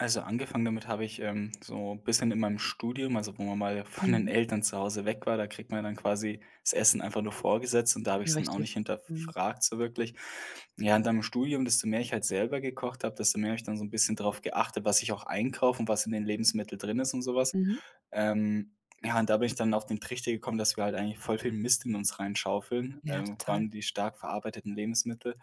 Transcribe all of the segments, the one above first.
Also, angefangen damit habe ich, ähm, so bisschen in meinem Studium, also, wo man mal von den Mhm. Eltern zu Hause weg war, da kriegt man dann quasi das Essen einfach nur vorgesetzt und da habe Ja, ich’s dann auch nicht richtig, mhm. hinterfragt so wirklich. Ja, und dann im Studium, desto mehr ich halt selber gekocht habe, desto mehr habe ich dann so 'n bisschen darauf geachtet, was ich auch einkaufe und was in den Lebensmitteln drin ist und so was, Mhm. ähm, ja, und da bin ich dann auf den Trichter gekommen, dass wir halt eigentlich voll viel Mist in uns reinschaufeln, Ja, total. irgendwann die stark verarbeiteten Lebensmittel,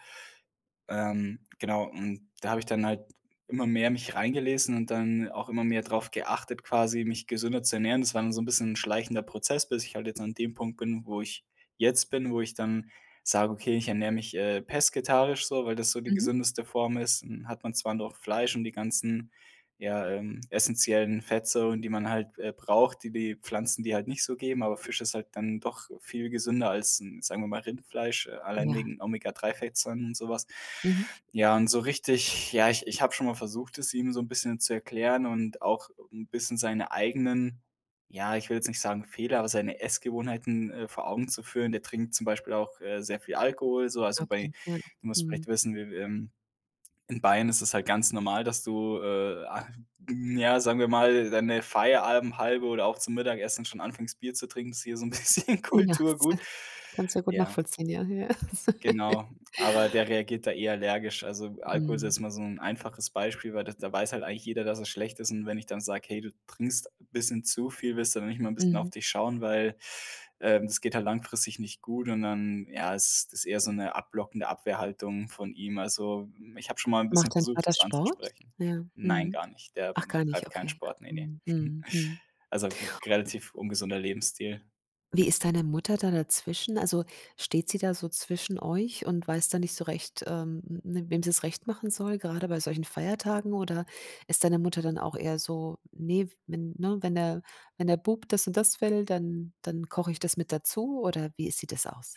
ähm, genau, und da habe ich dann halt immer mehr mich reingelesen und dann auch immer mehr drauf geachtet, quasi, mich gesünder zu ernähren. Das war dann so 'n bisschen schleichender Prozess, bis ich halt jetzt an dem Punkt bin, wo ich jetzt bin, wo ich dann sage: „Okay, ich ernähre mich, äh, pesketarisch.“, so, weil das so die Mhm. gesündeste Form ist, hm, hat man zwar noch Fleisch und die ganzen, ja, ähm, essenziellen Fettsäuren, die man halt, äh, braucht, die die Pflanzen, dir halt nicht so geben, aber Fisch ist halt dann doch viel gesünder als, hm, sagen wir mal, Rindfleisch, äh, allein Ja. wegen Omega-3-Fettsäuren und so was. Mhm. Ja, und so richtig ja, ich ich habe schon mal versucht, es ihm so 'n bisschen zu erklären und auch 'n bisschen seine eigenen ja, ich will jetzt nicht sagen, Fehler, aber seine Essgewohnheiten, äh, vor Augen zu führen. Der trinkt zum Beispiel auch, äh, sehr viel Alkohol, so. Also, bei Okay, ja, du musst mhm. vielleicht wissen, w w ähm, in Bayern ist es halt ganz normal, dass du, äh, ah n ja, sagen wir mal, deine Feierabendhalbe oder auch zum Mittagessen schon anfängst, Bier zu trinken, ist hier so 'n bisschen Ja, sag Kulturgut. kann es sehr gut Ja nachvollziehen, ja, ja. Genau, aber der reagiert da eh allergisch. Also, Alkohol ist Mhm. jetzt mal so 'n einfaches Beispiel, weil da da weiß halt eigentlich jeder, dass er schlecht ist. Und wenn ich dann sage: „Hey, du trinkst bisschen zu viel, willst du dann nicht mal bisschen auf Mhm. dich schauen, weil, ähm, das geht halt langfristig nicht gut.“ und dann, ja, ist das eher so 'ne abblockende Abwehrhaltung von ihm, also, ich habe schon mal 'n bisschen Macht dein versucht, Vater es Sport? anzusprechen. Ja, Nein, mhm. gar nicht. Der Ach, gar nicht, treibt keinen okay. Sport, ne, ne. Mhm, mhm, mhm. Also, r relativ ungesunder Lebensstil. Wie ist deine Mutter da dazwischen? Also, steht sie da so zwischen euch und weiß da nicht so recht, ähm, hm, hm, wem sie's recht machen soll, gerade bei solchen Feiertagen? Oder ist deine Mutter dann auch eher so: „Ne, wenn ne, wenn, ne wenn der Bub das und das will, dann dann koche ich das mit dazu.“ oder wie sieht das aus?